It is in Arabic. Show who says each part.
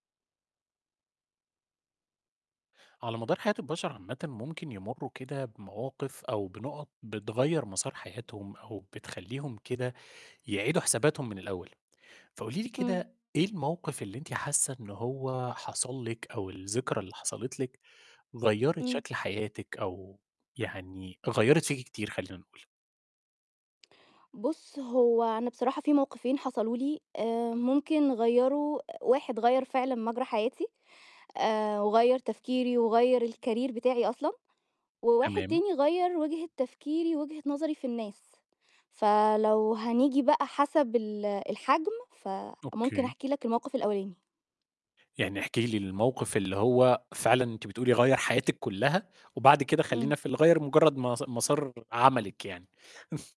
Speaker 1: على مدار حياة البشر عامةً ممكن يمروا كده بمواقف أو بنقط بتغيّر مسار حياتهم أو بتخليهم كده يعيدوا حساباتهم من الأول، فقولي لي
Speaker 2: امم.
Speaker 1: كده إيه الموقف اللي أنتِ حاسة إن هو حصل لِك أو الذكرى اللي حصلت لِك، غيّرت
Speaker 2: امم.
Speaker 1: شكل حياتِك أو يعني غيّرت فيكِ كتير خلينا نقول؟
Speaker 2: بُص هو أنا بصراحة في موقفين حصلوا لي آآ ممكن غيّروا واحد غيّر فعلًا مجرى حياتي، آآ وغيّر تفكيري وغيّر الcareer بتاعي أصلًا، وواحد
Speaker 1: تمام.
Speaker 2: تاني غيّر وجهة تفكيري ووجهة نظري في الناس، فلو هنيجي بقى حسب ال الحجم فممكن
Speaker 1: أوكي.
Speaker 2: أحكِي لك الموقف الأولاني.
Speaker 1: يعني احكِ لي الموقف اللي هو فعلًا أنتِ بتقولي غيّر حياتِك كلها، وبعد كده خلينا
Speaker 2: امم.
Speaker 1: في اللي غيّر مجرد مس مسار عملِك يعني.